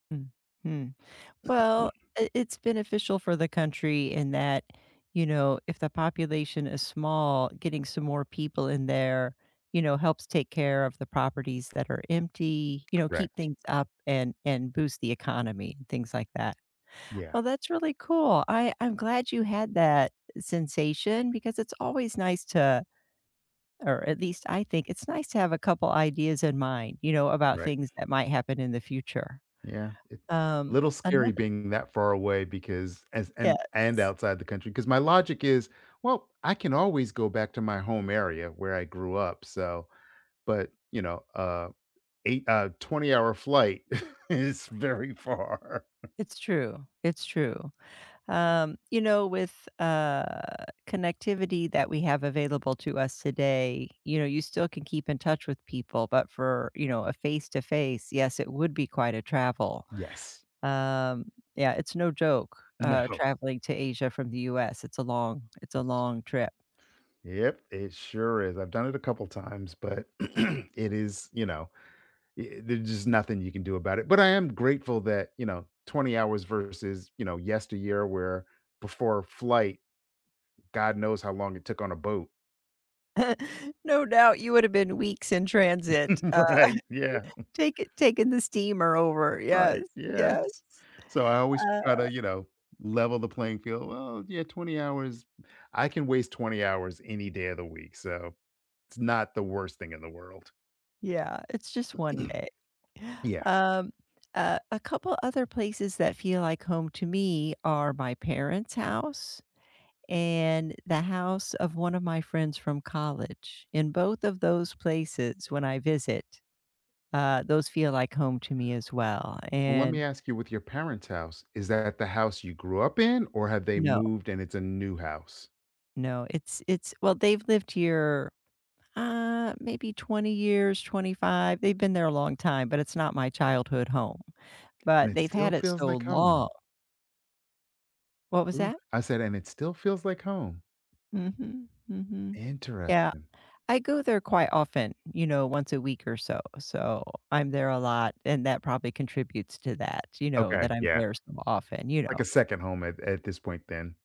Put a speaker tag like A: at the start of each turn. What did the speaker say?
A: Mm. Hmm. Well, i it's beneficial for the country in that, you know, if the population is small, getting some more people in there, you know, helps take care of the properties that are empty, you know, keep
B: Correct.
A: things up and and boost the economy, things like that.
B: Yeah.
A: Well, that's really cool. I I'm glad you had that sensation because it's always nice to or at least, I think, it's nice to have a couple ideas in mind, you know, about
B: Right.
A: things that might happen in the future.
B: Yeah, it A
A: Um,
B: little
A: anothe
B: scary being that far away because as
A: Yeah,
B: and and
A: it's
B: outside the country, 'cause my logic is, "Well, I can always go back to my home area where I grew up, so" but, you know, a 8 uh, a 20 hour flight is very far.
A: It's true, it's true. Um, you know, with, uh, connectivity that we have available to us today, you know, you still can keep in touch with people, but for, you know, a face-to-face, yes, it would be quite a travel.
B: Yes.
A: Um, yeah, it's no joke, uh,
B: No.
A: traveling to Asia from The US. It's a long it's a long trip.
B: Yep, it sure is. I've done it a couple times, but it is you know, ye there's just nothing you can do about it. But I am grateful that, you know, 20 hours versus, you know, yesteryear where before a flight, god knows how long it took on a boat.
A: No doubt you would have been weeks in transit. Uh,
B: Right. Yeah.
A: takin taking the steamer over. Yes.
B: Right.
A: Yes.
B: Yes. So I always try
A: Uh
B: to, you know, level the playing field. Well, yeah, 20 hours I can waste 20 hours any day of the week, so it's not the worst thing in the world.
A: Yeah, it's just one day.
B: Yeah.
A: Um, a a couple other places that feel like home to me are my parents' house, and the house of one of my friends from college. In both of those places when I visit, uh, those feel like home to me as well,
B: Well, lemme
A: and
B: ask you with your parents' house, is that the house you grew up in, or have they
A: No.
B: moved and it's a new house?
A: No, it's it's Well, they've lived here, uh, maybe 20 years, 25. They've been there a long time, but it's not my childhood home,
B: And
A: but
B: it
A: they've had
B: still
A: it
B: feels
A: so
B: like
A: long.
B: home.
A: What was
B: Ooh.
A: that?
B: I said, and it still feels like home.
A: Mhm, mhm. Yeah.
B: Interesting.
A: I go there quite often; you know, once a week or so, so I'm there a lot, and that probably contributes to that, you know,
B: Okay.
A: that I'm
B: Yeah.
A: there so often, you
B: Like
A: know.
B: a second home at at this point then.